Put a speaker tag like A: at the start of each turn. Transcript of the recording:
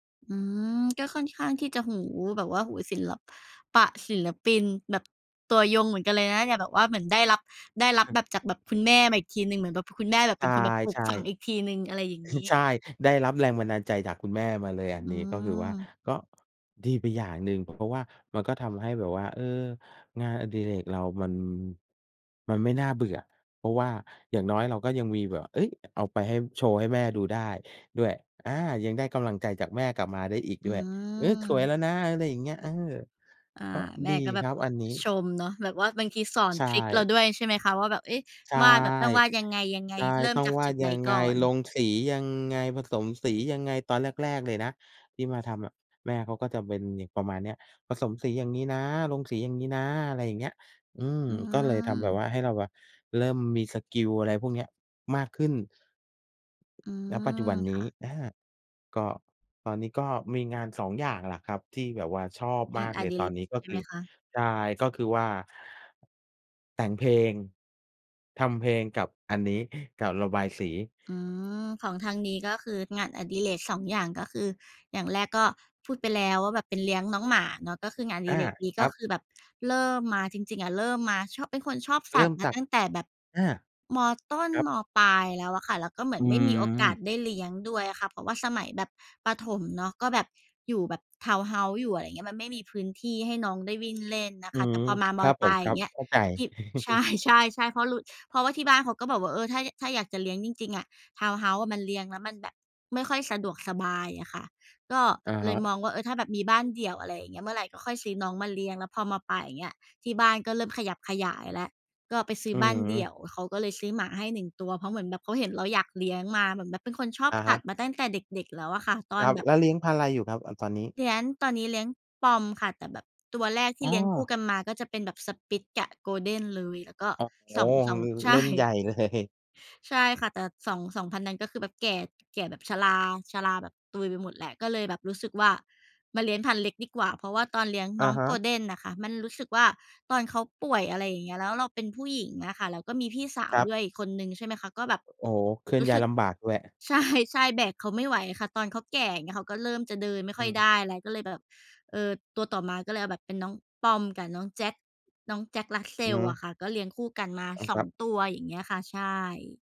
A: อืม ก็ค่อนข้างที่จะหู แบบว่าหูศิล ปะ ศิลปินแบบตัวยงเหมือนกันเลยนะเนี่บ แบบว่าเหมือนได้รับ ได้รับแบบจากแบบคุณแม่มาอีกทีหนึ่ง เหมือนแบบคุณแม่เ
B: ใ
A: ป
B: ช
A: ็นคนแบบปลูก
B: ่
A: ฝังอีกทีหนึ่ง อะไรอย่าง
B: ๆ
A: งี้
B: ใช่ ได้รับแรงบันดาลใจจากคุณแม่มาเลย
A: อ
B: อ
A: ื
B: ันนี้ ก็คือว่า
A: ม
B: ก็ ดีไปอย่างหนึ่ง เพราะว่ามันก็ทำให้แบบว่า เออ งานอดิเรกเรามัน มันไม่น่าเบื่อ เพราะว่าอย่างน้อยเราก็ยังมีแบบ เอ๊ย อ เอาไปให้ โชว์ให้แม่ดูได้ด้วย อา ยังได้กำลังใจจากแม่กลับมาได้อีก
A: อ
B: ด
A: ื
B: ้วย "เออ สวยแล
A: ม
B: ้วนะ" อะไรอย่างเงี้ย เออ
A: อา
B: ก็
A: แม
B: ดี
A: ่ก็แบ
B: ค
A: บ
B: รับอันนี้
A: ชมเนาะ แบบว่าบางทีสอน
B: ใช
A: ทริกเร
B: ่
A: าด้วย ใช่ไหมคะ ว่าแบบ เอ๊ะ
B: ใช่
A: วาดแบบต้องวาดยังไง
B: ใช่
A: ๆ เริ่
B: ต
A: ม
B: ้อง
A: จาก
B: วา
A: จุ
B: ด
A: ดไห
B: ย
A: น
B: ังไ
A: ก
B: ง
A: ่อ
B: ล
A: น
B: งสียังไง ผสมสียังไง ตอนแรก ๆ เลยนะที่มาทำอะแม่เขาก็จะเป็น ย ประมาณเนี้ย "ประสมสีอย่างงี้นะ ลงสีอย่างงี้นะ" อะไรอย่างเงี้ย อืม
A: อื
B: ก็เลยทำแบบว
A: ม
B: ่าให้เราว่าเริ่มมีสกิล อะไรพวกเนี้ย มากขึ้น
A: อื
B: ณ ปัจจุ
A: ม
B: บันน
A: ค
B: ี
A: ่
B: ้
A: ะ
B: อ่า ก็ตอนนี้ก็มีงาน 2 อย่างแหละครับ ที่แบบว่าชอบ
A: ง
B: ม
A: า
B: า
A: น
B: ก
A: อ
B: เลย
A: ดิ
B: ต
A: เร
B: อนนี้ ก็
A: ใช่
B: ค
A: ไห
B: ื
A: ม
B: อ
A: คะ?
B: ใช่ ก็คือ ว่าแต่งเพลง ทำเพลง กับอันนี้ กับระบายสี
A: อืม ของทางนี้ ก็คืองานอดิเรก 2 อย่าง ก็คืออย่างแรกก็พูดไปแล้วว่าแบบเป็นเลี้ยงน้องหมาเนาะ ก็คืองานอ
B: อ
A: ดิ
B: า
A: เรกนี้
B: ค
A: ก
B: ร
A: ็
B: ับ
A: คือแบบเริ่มมา จริง ๆ อะเริ่มมาชอบ เป็นคนชอบส
B: เร
A: ั
B: ิ่
A: ต
B: ม
A: ว์ม
B: จ
A: า
B: าก
A: ตั้งแต่แบบ
B: อา
A: ม.ต้น
B: ครับ
A: ม.ปลายแล้วอะค่ะ แล้วก็เหมื
B: อ
A: อ
B: ื
A: นไม่มีโอก
B: ม
A: าสได้เลี้ยงด้วยอะค่ะ เพราะว่าสมัยแบบประถมเนาะ ก็แบบอยู่แบบ ทาวน์เฮาส์อยู่ อะไรอย่างเงี้ย มันไม่มีพื้นที่ให้น้องได้วิ่ง เล่นนะ
B: อื
A: คะ แต
B: ม
A: ่พอมา
B: ค
A: ม
B: ร
A: อ
B: ับ
A: ย
B: ผ
A: ปล
B: ม
A: าย
B: ค
A: อ
B: ร
A: ย
B: ั
A: ่
B: บ
A: างเงี้ย
B: เข้าใจ
A: ที ใช่ ๆ ๆ เพราะรุ เพราะว่าที่บ้านเขาก็บอกว่า เออ ถ้า ถ้าอยากจะเลี้ยงจริง ๆ อะทาวน์เฮ้าส์อะมันเลี้ยงแล้วมันแบบไม่ค่อยสะดวกสบายอะค่ะ ก็
B: อะ
A: เ
B: ฮ
A: ลยม
B: ะ
A: องว่า เออ ถ้าแบบมีบ้านเดี่ยว อะไรอย่างเงี้ย เมื่อไรก็ค่อยซื้อน้องมาเลี้ยง แล้วพอ ม.ปลาย อย่างเงี้ย ที่บ้านก็เริ่มขยับขยายแล้ว ก็ไปซื้
B: อื
A: อบ้านเดี
B: ม
A: ่ยว เขาก็เลยซื้อหมาให้หนึ่งตัว เพราะเหมือนแบบเขาเห็นเราอยากเลี้ยงมา เหมือนแบบเป็นคนชอ
B: อ
A: บ
B: ะ
A: ส
B: ฮ
A: ัต
B: ะ
A: ว์มาตั้งแต่เด็ก ๆ แล้วอะค่ะ ต
B: ค
A: อน
B: รับ
A: แบบ
B: แล้วเลี้ยงพันธุ์ไรอยู่ครับ อา ตอนนี้?
A: เดี้ยนตอนนี้เลี้ยง Pom ค่ะ แต่แบบตัวแรกที
B: อ๋
A: ่เลี้ยงคู่
B: อ
A: กันมาก็จะเป็นแบบ Spitz กับ Golden เลย แล้วก็
B: โอ้โฮ!
A: สอง สอง
B: ลือ
A: ใช
B: เล่นใหญ
A: ่
B: ่ เลย
A: ใช่ค่ะ แต่สอง 2 พันธุ์นั้น ก็คือแบบแก่ แก่แบบชรา ชราแบบตุยไปหมดแล้ว ก็เลยแบบรู้สึกว่ามาเลี้ยงพันธุ์เล็กดีกว่า เพราะว่าตอนเลี้ยง
B: อ
A: น้
B: ะ
A: อง
B: ฮะ
A: Golden อะค่ะมันรู้สึกว่าตอนเขาป่วย อะไรอย่างเงี้ย แล้วเราเป็นผู้หญิงอะค่ะ แล้วก็มีพี่สา
B: ค
A: ว
B: รับ
A: ด้วยอีกคนหนึ่ง ใช่ไหมคะ ก็แบบ
B: อ โอ้โฮ เคลื่อ
A: ร
B: น
A: ู้
B: ย้า
A: ส
B: ย
A: ึก
B: ลำบากด้วย
A: ใช่ ๆ แบกเขาไม่ไหวค่ะ ตอนเขาแก่ อย่างเงี้ย เขาก็เริ่มจะเดินไม่
B: อ
A: ค่อย
B: ืม
A: ได้ อะไรก็เลยแบบ เออ ตัวต่อมาก็เลยเอาแบบเป็นน้อง Pom กับน้อง Jack น้อง Jack
B: อื
A: Russell
B: อ
A: อะค่ะ ก็เลี้ยงคู่กันมา
B: อืม
A: ส
B: ค
A: อ
B: รั
A: ง
B: บ
A: ตัว อย่างเงี้ยค่ะ ใช่